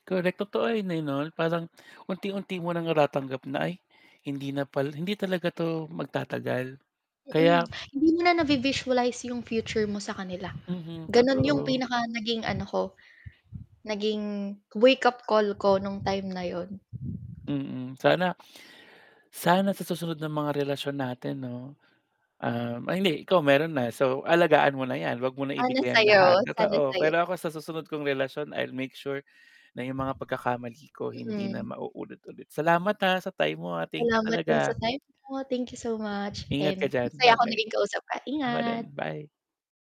Correct, totoo 'yon 'no, na parang unti-unti mo ng natatanggap na ay hindi na pala, hindi talaga 'to magtatagal Mm, kaya hindi mo na nabi-visualize yung future mo sa kanila, Mhm, gano'n yung totoo. pinaka naging ano ko, naging wake-up call ko nung time na 'yon. Mm, sana sana sa susunod ng mga relasyon natin 'no, um, ay hindi ikaw meron na, so alagaan mo na 'yan 'wag mo na Ano ibigay ang sa'yo, lahat, sana totoo. sa'yo. Pero ako sa susunod kong relasyon, I'll make sure na yung mga pagkakamali ko hindi na Mm. maulit-ulit. Salamat ha, sa time mo, ah, thank you Salamat din sa talaga. time mo, thank you so much Ingat ka and diyan, masaya ako ba-bye. naging kausap ka, Ako din, ingat. bye.